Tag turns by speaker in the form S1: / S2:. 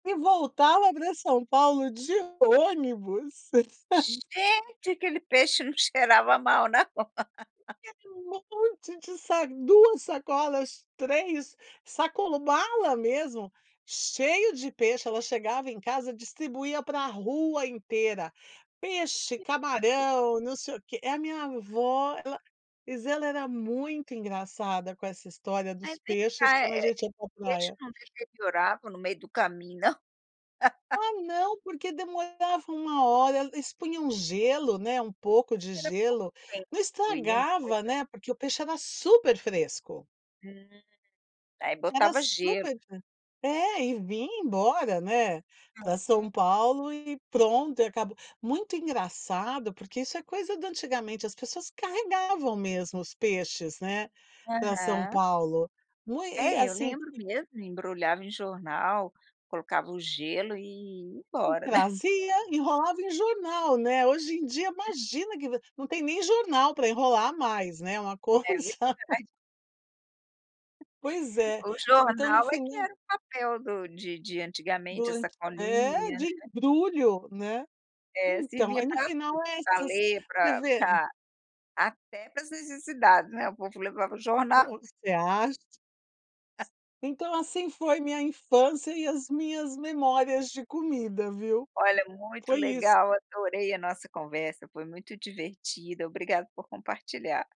S1: E voltava pra São Paulo de ônibus.
S2: Gente, aquele peixe não cheirava mal não?
S1: Tinha ali um monte de sa 2 sacolas, 3 sacolas. Sacolão, mala mesmo, cheia de peixe. Ela chegava em casa e distribuía pra rua inteira: peixe,
S2: [unintelligible]
S1: camarão, não sei o quê. É, a minha vó, ela mas era era muito engraçada com essa história
S2: Aí,
S1: dos
S2: vem
S1: peixes
S2: cá. Eh
S1: quando a
S2: eh,
S1: gente ia pra
S2: peixe
S1: praia.
S2: não deteriorava no meio do caminho, não?
S1: Ah, não. Porque demorava 1 hora. Eles punham gelo, né. Um pouco de gelo. Não estragava,
S2: [unintelligible]
S1: né, porque o peixe era super fresco.
S2: Hum. Aí
S1: Era
S2: botava
S1: super
S2: gelo.
S1: [unintelligible] É, e vinha embora, né,
S2: Ah,
S1: pra São
S2: é?
S1: Paulo e pronto. E acaba muito engraçado, porque isso é coisa do antigamente. As pessoas carregavam mesmo os peixes, né, pra São
S2: Aham.
S1: Paulo. Não é? E,
S2: É, eu
S1: assim
S2: lembro mesmo. Embrulhava em jornal, colocava o gelo e ia
S1: Hum,
S2: embora, né?
S1: trazia. Enrolava em jornal, né. Hoje em dia, imagina que va não tem nem jornal pra enrolar mais, né. Uma coisa.
S2: É verdade.
S1: Pois é.
S2: O
S1: Então, no
S2: jornal é que
S1: final.
S2: era o papel do de de antigamente, a
S1: Boa é,
S2: sacolinha,
S1: de
S2: né.
S1: embrulho, né.
S2: É,
S1: Então,
S2: servia
S1: aí no
S2: pra
S1: final
S2: tudo:
S1: é
S2: pra
S1: essas
S2: ler,
S1: você
S2: pra
S1: vê.
S2: pra até para as necessidades, né, o povo levava o jornal.
S1: Você acha? Então assim foi minha infância e as minhas memórias de comida, viu.
S2: Olha, muito
S1: Foi isso.
S2: legal. Adorei a nossa conversa. Foi muito divertida. Obrigado por compartilhar.